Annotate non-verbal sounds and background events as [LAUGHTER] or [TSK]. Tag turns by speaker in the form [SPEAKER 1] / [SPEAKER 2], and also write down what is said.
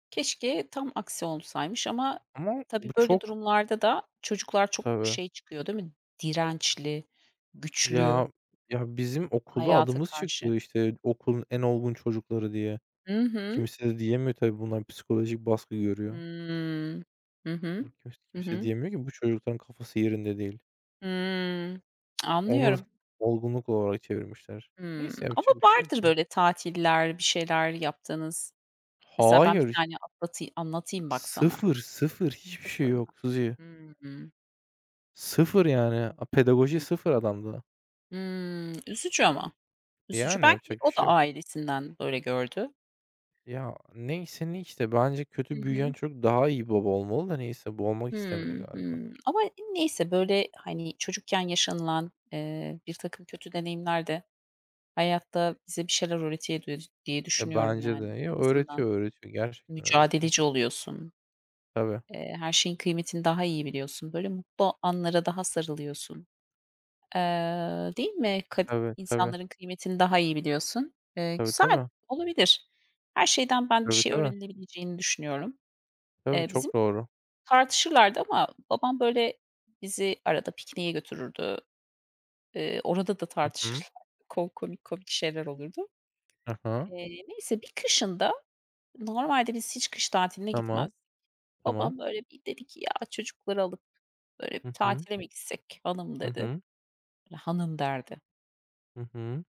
[SPEAKER 1] Keşke tam aksi olsaymış ama
[SPEAKER 2] Ama
[SPEAKER 1] tabii
[SPEAKER 2] bu
[SPEAKER 1] böyle
[SPEAKER 2] çok
[SPEAKER 1] durumlarda da çocuklar çok
[SPEAKER 2] Tabii.
[SPEAKER 1] şey çıkıyor değil mi? Dirençli, güçlü.
[SPEAKER 2] Ya, ya bizim okulda
[SPEAKER 1] Hayata
[SPEAKER 2] adımız
[SPEAKER 1] karşı.
[SPEAKER 2] çıkıyor işte okulun en olgun çocukları diye.
[SPEAKER 1] Hı hı.
[SPEAKER 2] Kimse de diyemiyor tabii bunlar psikolojik baskı görüyor.
[SPEAKER 1] Hıı. Hı hı.
[SPEAKER 2] Iıı, kimse
[SPEAKER 1] Hı
[SPEAKER 2] kimse
[SPEAKER 1] hı.
[SPEAKER 2] diyemiyor ki bu çocukların kafası yerinde değil.
[SPEAKER 1] Hıı. [TSK]
[SPEAKER 2] Onu
[SPEAKER 1] Anlıyorum.
[SPEAKER 2] da olgunluk olarak çevirmişler.
[SPEAKER 1] Hıı,
[SPEAKER 2] Neyse
[SPEAKER 1] ama
[SPEAKER 2] yapacak bir şey yok,
[SPEAKER 1] vardır,
[SPEAKER 2] ya.
[SPEAKER 1] böyle, tatiller, bir şeyler yaptığınız. Mesela ben bir
[SPEAKER 2] Hayır. [UNINTELLIGIBLE]
[SPEAKER 1] tane anlata anlatayım bak sana.
[SPEAKER 2] Sıfır, sıfır hiçbir şey yok
[SPEAKER 1] [UNINTELLIGIBLE]
[SPEAKER 2] [UNINTELLIGIBLE]
[SPEAKER 1] Hıı.
[SPEAKER 2] Sıfır yani. A pedagoji
[SPEAKER 1] Hı.
[SPEAKER 2] sıfır adamda.
[SPEAKER 1] Hıı, üzücü ama. Üzücü
[SPEAKER 2] Yani,
[SPEAKER 1] belki
[SPEAKER 2] yapacak bir
[SPEAKER 1] o
[SPEAKER 2] şey
[SPEAKER 1] da
[SPEAKER 2] yok.
[SPEAKER 1] ailesinden böyle gördü.
[SPEAKER 2] Ya neyse ne işte. Bence
[SPEAKER 1] Hı
[SPEAKER 2] kötü büyüyen
[SPEAKER 1] hı.
[SPEAKER 2] çocuk daha iyi baba olmalı da neyse. Bu olmak istemedi
[SPEAKER 1] Hıı,
[SPEAKER 2] galiba.
[SPEAKER 1] hıı, ama neyse, böyle, hani, çocukken yaşanılan, eee, birtakım kötü deneyimler de hayatta bize bir şeyler öğretiyor diye
[SPEAKER 2] E,
[SPEAKER 1] düşünüyorum,
[SPEAKER 2] bence de.
[SPEAKER 1] yani.
[SPEAKER 2] Yo,
[SPEAKER 1] En azından
[SPEAKER 2] öğretiyor, öğretiyor gerçekten öğretiyor.
[SPEAKER 1] mücadeleci oluyorsun.
[SPEAKER 2] Tabii.
[SPEAKER 1] Eee, her şeyin kıymetini daha iyi biliyorsun. Böyle mutlu anlara daha sarılıyorsun. Eee, değil mi? Kad
[SPEAKER 2] Tabii tabii.
[SPEAKER 1] insanların kıymetini daha iyi biliyorsun. Eee,
[SPEAKER 2] Tabii
[SPEAKER 1] güzel.
[SPEAKER 2] tabii.
[SPEAKER 1] Olabilir. Her şeyden ben bir
[SPEAKER 2] Tabii
[SPEAKER 1] şey
[SPEAKER 2] tabii.
[SPEAKER 1] öğrenilebileceğini düşünüyorum.
[SPEAKER 2] Tabii
[SPEAKER 1] Eee, bizim
[SPEAKER 2] çok doğru.
[SPEAKER 1] tartışırlardı ama babam, böyle, bizi arada pikniğe götürürdü. Eee, orada da
[SPEAKER 2] Hı hı.
[SPEAKER 1] tartışırlardı. Ko komik komik şeyler olurdu.
[SPEAKER 2] Hı hı.
[SPEAKER 1] Eee, neyse bir kışın da normalde biz hiç kış tatiline
[SPEAKER 2] Tamam.
[SPEAKER 1] gitmezdik.
[SPEAKER 2] Tamam.
[SPEAKER 1] Babam, böyle, bir dedi ki, "Ya çocukları alıp, böyle, bir
[SPEAKER 2] Hı hı.
[SPEAKER 1] tatile mi gitsek, hanım?"
[SPEAKER 2] Hı
[SPEAKER 1] dedi.
[SPEAKER 2] hı.
[SPEAKER 1] Hanım derdi.
[SPEAKER 2] Hı hı.